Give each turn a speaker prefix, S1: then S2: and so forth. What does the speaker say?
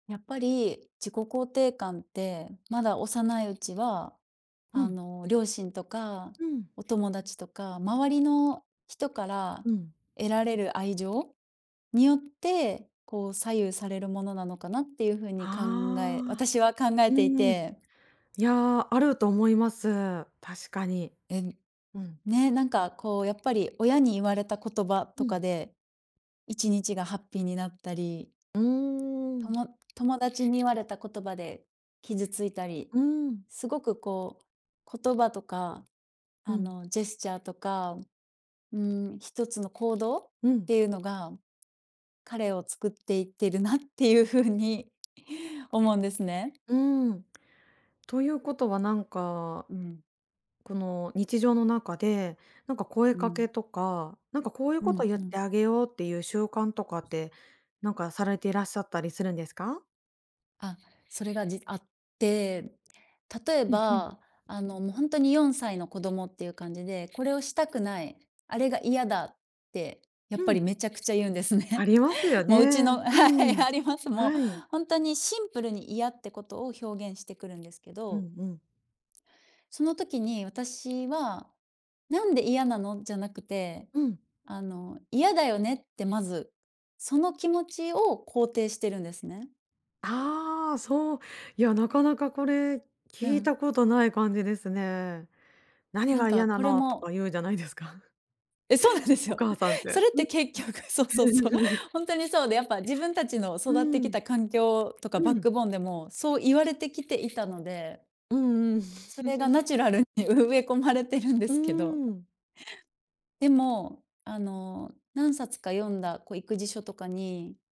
S1: やっぱり、自己肯定感って、まだ幼いうちは、
S2: う
S1: あ
S2: ん。
S1: の、両親とか、
S2: うん。
S1: お友達とか、周りの人から
S2: うん。
S1: 得られる愛情によって、こう左右されるものなのかなっていう風に考え
S2: ああ、
S1: 私は考え
S2: う
S1: てい
S2: ん。
S1: て
S2: いや、あると思います。確かに。
S1: えぬ
S2: うん。
S1: ね、なんかこうやっぱり親に言われた言葉
S2: う
S1: とか
S2: ん。
S1: で、一日がハッピーになったり。
S2: う
S1: と
S2: ん。
S1: も友達に言われた言葉で傷ついたり、
S2: うん。
S1: すごくこう、言葉とか、
S2: う
S1: あ
S2: ん。
S1: の、ジェスチャーとか、うーん、一つの行動っ
S2: うん。
S1: ていうのが、彼を作っていってるなっていうふうに、思うんですね。
S2: うん。ということは何か、
S1: うん。
S2: この日常の中で、なんか声
S1: う
S2: かけ
S1: ん。
S2: とか、なんかこういう
S1: う
S2: ことを
S1: ん
S2: 言っ
S1: うん。
S2: てあげようっていう習慣とか
S1: う
S2: っ
S1: す
S2: て、何かされていらっしゃったりするんですか？
S1: あ、それが、じあって、例え
S2: うんうん。
S1: ば、あの、もうほんとに4歳の子供っていう感じで、これをしたくない、あれが嫌だって、やっ
S2: う
S1: ぱり
S2: ん。
S1: めちゃくちゃ言うんです
S2: あ
S1: ね。
S2: りますよ
S1: もううち
S2: ね。
S1: のは
S2: う
S1: い、
S2: ん。
S1: あります、もう、
S2: はい。
S1: ほんとにシンプルに嫌ってことを表現してくるんですけ
S2: う
S1: ど
S2: んうん。
S1: その時に、私は、何で嫌なの？じゃなくて、
S2: うん。
S1: あの、嫌だよねってまず、その気持ちを肯定してるんですね。
S2: ああ、そう。いや、なかなかこれ、
S1: う
S2: 聞い
S1: ん。
S2: たことない感じですね。何
S1: なん
S2: が
S1: か、
S2: 嫌な
S1: これ
S2: の？とか
S1: も
S2: 言うじゃないですか。
S1: え、そうなんです
S2: お
S1: よ。
S2: 母さんっ
S1: そ
S2: て
S1: れっ
S2: うん、
S1: て結局そうそうそう、
S2: うん。
S1: ほんとにそうで、やっぱ自分たちの
S2: う
S1: 育ってき
S2: ん。
S1: た環境とか、
S2: う
S1: バッ
S2: ん。
S1: クボーンでもそう言われてきていたので
S2: うんうん。
S1: それがナ チュラルに植え込まれてるんで
S2: うー
S1: すけど
S2: ん。
S1: でも、あの、何冊か読んだ、こう、育児書とかに